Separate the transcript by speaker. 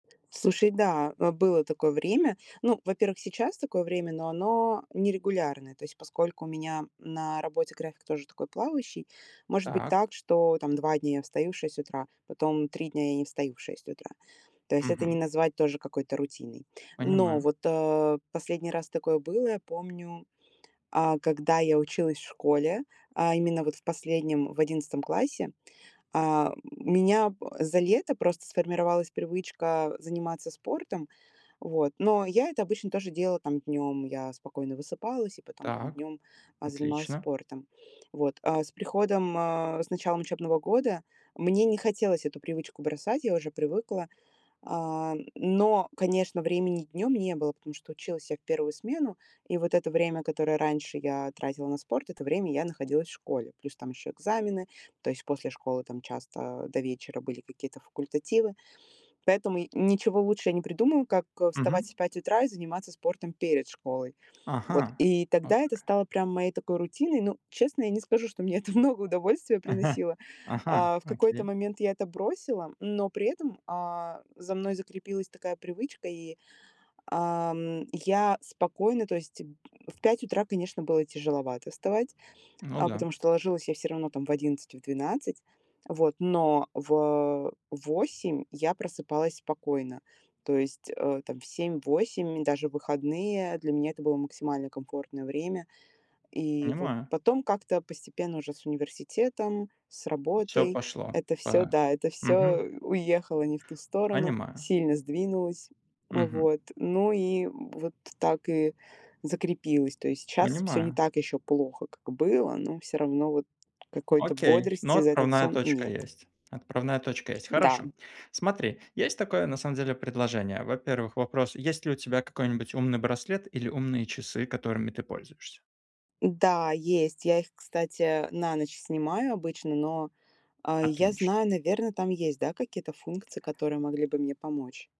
Speaker 1: Слушай, да, э, было такое время. Ну, во-первых, сейчас такое время, но оно не регулярное. То есть, поскольку у меня на работе график тоже такой плавающий, может быть
Speaker 2: Так.
Speaker 1: так, что там 2 дня я встаю в 6 утра, потом 3 дня я не встаю в 6 утра. То есть это не
Speaker 2: Мгм.
Speaker 1: назвать тоже какой-то рутиной. Но
Speaker 2: Понимаю.
Speaker 1: вот, э, последний раз такое было. Я помню, а, когда я училась в школе, а именно вот в последнем, в 11 классе, а, м, меня за лето просто сформировалась привычка заниматься спортом, вот. Но я это обычно тоже делала там днем. Я спокойно высыпалась, и потом там
Speaker 2: Так,
Speaker 1: днем, э, занималась
Speaker 2: отлично.
Speaker 1: спортом, вот. А с приходом, э, с началом учебного года, мне не хотелось эту привычку бросать, я уже привыкла. А, но, конечно, времени днем не было, потому что училась я в 1 смену, и вот это время, которое раньше я тратила на спорт, это время я находилась в школе. Плюс там еще экзамены, то есть после школы там часто до вечера были какие-то факультативы, поэтому ничего лучше я не придумываю, как, э,
Speaker 2: Мгм.
Speaker 1: вставать в 5 утра и заниматься спортом перед школой. Вот,
Speaker 2: Ага.
Speaker 1: и
Speaker 2: О,
Speaker 1: тогда это
Speaker 2: как.
Speaker 1: стало прям моей такой рутиной. Ну, честно, я не скажу, что мне это много удовольствия
Speaker 2: Ага,
Speaker 1: приносило.
Speaker 2: ага,
Speaker 1: А в какой-то
Speaker 2: окей.
Speaker 1: момент я это бросила, но при этом, а, за мной закрепилась такая привычка, и, ам, я спокойно То есть в 5 утра, конечно, было тяжеловато вставать,
Speaker 2: Ну
Speaker 1: а,
Speaker 2: да.
Speaker 1: потому что ложилась я всё равно там в 11, в 12. Вот, но в, э, в 8 я просыпалась спокойно, то есть, э, там в 7-8, и даже выходные, для меня это было максимально комфортное время. И вот
Speaker 2: Понимаю.
Speaker 1: потом как-то постепенно, уже с университетом, с
Speaker 2: Всё
Speaker 1: работой
Speaker 2: пошло,
Speaker 1: это всё,
Speaker 2: па
Speaker 1: да, это всё
Speaker 2: Мгм.
Speaker 1: уехало не в ту сторону,
Speaker 2: Понимаю.
Speaker 1: сильно сдвинулось.
Speaker 2: Мгм.
Speaker 1: Вот, ну и вот так и закрепилось. То есть сейчас всё не
Speaker 2: Понимаю.
Speaker 1: так еще плохо, как было, но всё равно вот какой-то
Speaker 2: Окей, но
Speaker 1: бодрости за этот
Speaker 2: отправная
Speaker 1: сон
Speaker 2: точка
Speaker 1: нет.
Speaker 2: есть. Отправная точка есть.
Speaker 1: Да.
Speaker 2: Хорошо. Смотри, есть такое на самом деле предложение. Во-первых, вопрос: есть ли у тебя какой-нибудь умный браслет или умные часы, которыми ты пользуешься?
Speaker 1: Да, есть. Я их, кстати, на ночь снимаю обычно, но, э, я
Speaker 2: Отлично.
Speaker 1: знаю, наверно, там есть, да, какие-то функции, которые могли бы мне помочь.